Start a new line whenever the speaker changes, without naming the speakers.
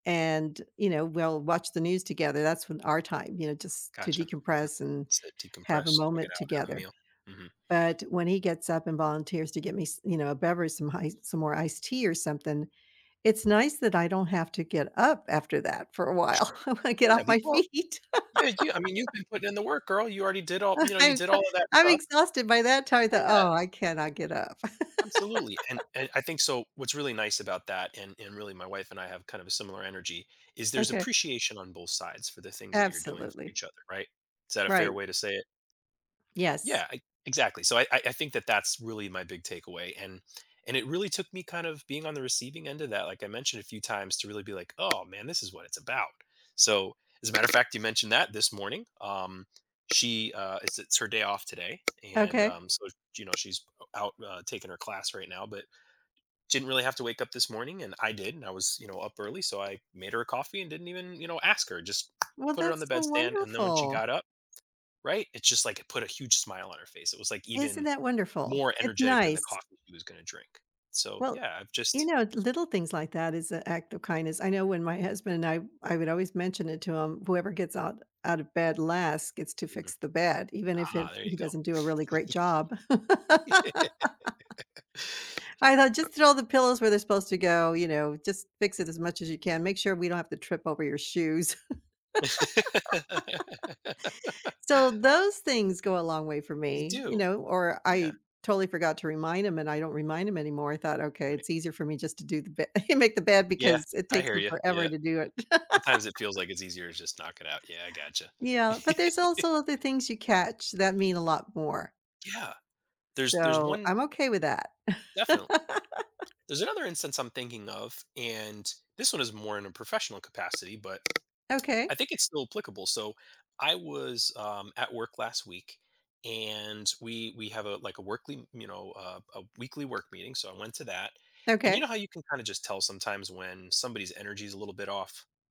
And, you know, we'll watch the news together. That's when our time, you know, just to
Gotcha, mhm.
decompress and
So,
have a
decompress, check it
moment
out, have a
together.
meal. Mhm.
But when he gets up and volunteers to get me s you know, a beverage, some ice some more iced tea or something, it's nice that I don't have to get up after that for a while, I get
Yeah,
off
the e
my
well,
feet.
yeah, yeah, I mean, you've been putting in the work, girl. You already did all,
Uh,
you know, you
I'm
did
so
all of that
I'm
stuff.
exhausted by that time. I thought,
Yeah.
"Oh, I cannot get up."
Absolutely, and and I think so, what's really nice about that, and and really my wife and I have kind of a similar energy, is there's
Okay.
appreciation on both sides for the things that you're doing for
Absolutely.
each other, right? Is that a fair
Right.
way to say it?
Yes.
Yeah, e exactly. So I I I think that that's really my big takeaway and and it really took me kind of being on the receiving end of that, like I mentioned a few times, to really be like, "Oh man, this is what it's about." So, as a matter of fact, you mentioned that this morning. Um, she, uh, it's it's her day off today, and,
Okay.
um, so, s you know, she's out, uh, taking her class right now, but, didn't really have to wake up this morning, and I did, and I was, you know, up early, so I made her a coffee and didn't even, you know, ask her. Just
Well,
put her on the
that's so
bed stand, and then when she
wonderful.
got up, right? It's just like it put a huge smile on her face. It was like
Isn't
even
that wonderful?
more
It's
energetic than the
nice.
coffee she was gonna drink. So,
Well,
yeah, I've
you
just
know, the little things like that is an act of kindness. I know when my husband and I I would always mention it to him, whoever gets out out of bed last, gets to
Mhm.
fix the bed, even if it
Ah, there you
he doesn't do a really great job. I thought,
go.
"Just throw the pillows where they're supposed to go, you know, just fix it as much as you can. Make sure we don't have to trip over your shoes." So those things go a long way for
They
me, you
do.
know, or I
Yeah.
totally forgot to remind him, and I don't remind him anymore. I thought, "Okay,
Right.
it's easier for me just to do the be make the bed
Yeah,
because it
I
takes
hear
them
you, yeah.
forever to do it."
Sometimes it feels like it's easier to just knock it out. Yeah, I gotcha.
Yeah, but there's also other things you catch that mean a lot more.
Yeah, there's there's
So,
one
I'm okay with that.
Definitely. There's another instance I'm thinking of, and this one is more in a professional capacity, but I
Okay.
think it's still applicable. So, I was, um, at work last week, and we we have a like a workly m you know, a a weekly work meeting, so I went to that. And you
Okay.
know how you can kinda just tell sometimes when somebody's energy is a little bit off.